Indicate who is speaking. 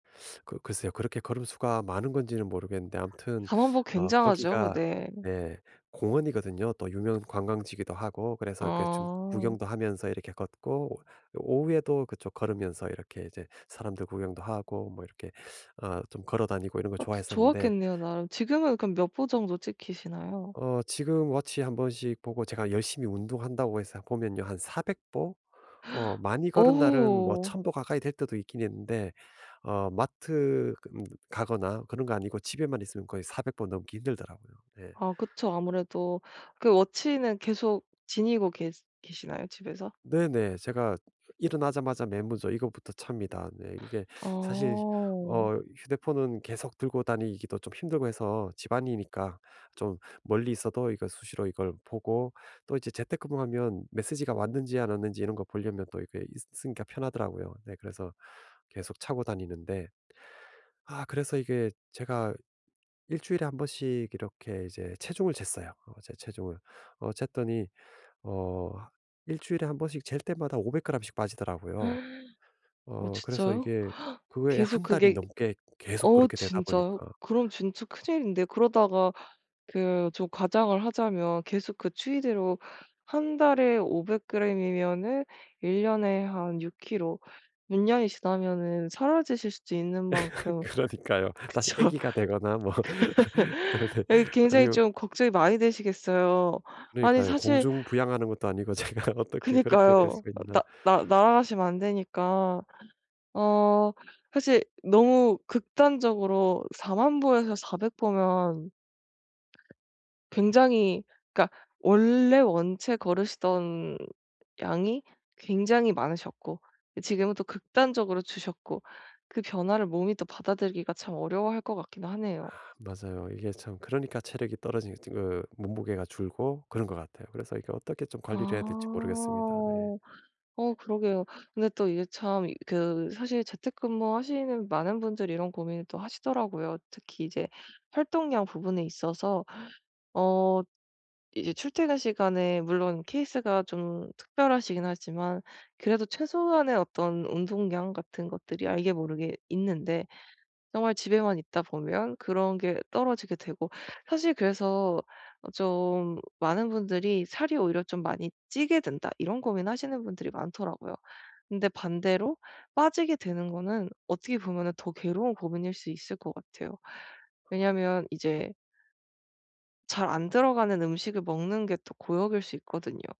Speaker 1: 그 글쎄요. 그렇게 걸음 수가 많은 건지는 모르겠는데 아무튼
Speaker 2: 40,000 보
Speaker 1: 어
Speaker 2: 굉장하죠.
Speaker 1: 거기가
Speaker 2: 네.
Speaker 1: 네 공원이거든요. 또 유명 관광지기도 하고 그래서 이렇게 좀
Speaker 2: 어.
Speaker 1: 구경도 하면서 이렇게 걷고 오후에도 그쪽 걸으면서 이렇게 이제 사람들 구경도 하고 뭐 이렇게 어 좀 걸어 다니고 이런 거
Speaker 2: 아
Speaker 1: 좋아했었는데
Speaker 2: 좋았겠네요 나름. 지금은 그럼 몇 보 정도 찍히시나요?
Speaker 1: 어 지금 워치 1 번씩 보고 제가 열심히 운동한다고 해서 보면요, 한 400 보 어 많이 걸은 날은 뭐
Speaker 2: 오우.
Speaker 1: 1,000 보 가까이 될 때도 있긴 있는데 어 마트 그 가거나 그런 거 아니고 집에만 있으면 거의 400 보 넘기 힘들더라고요. 네.
Speaker 2: 아 그쵸. 아무래도 그 워치는 계속 지니고 계 계시나요 집에서?
Speaker 1: 네네. 제가 일어나자마자 맨 먼저 이것부터 찹니다. 네 이게 사실
Speaker 2: 어.
Speaker 1: 어 휴대폰은 계속 들고 다니기도 좀 힘들고 해서 집안이니까 좀 멀리 있어도 이거 수시로 이걸 보고 또 이제 재택근무하면 메시지가 왔는지 안 왔는지 이런 거 보려면 또 이게 있으니까 편하더라고요. 네 그래서 계속 차고 다니는데. 아 그래서 이게 제가 일주일에 1 번씩 이렇게 이제 체중을 쟀어요. 어 제 체중을 어 쟀더니 어 일주일에 1 번씩 잴 때마다 500 그램씩 빠지더라고요.
Speaker 2: 어
Speaker 1: 어 그래서
Speaker 2: 진짜요?
Speaker 1: 이게 거의
Speaker 2: 계속
Speaker 1: 1 달이
Speaker 2: 그게
Speaker 1: 넘게 계속
Speaker 2: 어
Speaker 1: 그렇게 되다
Speaker 2: 진짜요?
Speaker 1: 보니까
Speaker 2: 그럼 진짜 큰일인데 그러다가 그 좀 과장을 하자면 계속 그 추이대로 1 달에 500 그램이면은 1 년에 한 6 킬로 6 년이 지나면은 사라지실 수도 있는 만큼
Speaker 1: 그러니까요. 다시
Speaker 2: 그쵸.
Speaker 1: 애기가 되거나 뭐 네네
Speaker 2: 아 굉장히
Speaker 1: 아니면
Speaker 2: 좀 걱정이 많이 되시겠어요. 아니
Speaker 1: 그러니까요.
Speaker 2: 사실
Speaker 1: 공중 부양하는 것도 아니고 제가 어떻게 그렇게 될
Speaker 2: 그니까요.
Speaker 1: 수 있나.
Speaker 2: 나 나 날아가시면 안 되니까. 어 사실 너무 극단적으로 40,000 보에서 400 보면 굉장히 그러니까 원래 원체 걸으시던 양이 굉장히 많으셨고 지금은 또 극단적으로 줄으셨고 그 변화를 몸이 또 받아들이기가 참 어려워할 것 같긴 하네요.
Speaker 1: 맞아요. 이게 참 그러니까 체력이 떨어진 그 몸무게가 줄고 그런 것 같아요. 그래서 이게 어떻게 좀 관리를 해야 될지 모르겠습니다. 네.
Speaker 2: 아. 어 그러게요. 근데 또 이게 참 그 사실 재택근무하시는 많은 분들이 이런 고민을 또 하시더라고요. 특히 이제 활동량 부분에 있어서 어 이제 출퇴근 시간에 물론 케이스가 좀 특별하시긴 하지만 그래도 최소한의 어떤 운동량 같은 것들이 알게 모르게 있는데 정말 집에만 있다 보면 그런 게 떨어지게 되고 사실 그래서 어 좀 많은 분들이 살이 오히려 좀 많이 찌게 된다 이런 고민하시는 분들이 많더라고요. 근데 반대로 빠지게 되는 거는 어떻게 보면은 더 괴로운 고민일 수 있을 것 같아요. 왜냐하면 이제 잘 안 들어가는 음식을 먹는 게 또 고역일 수 있거든요.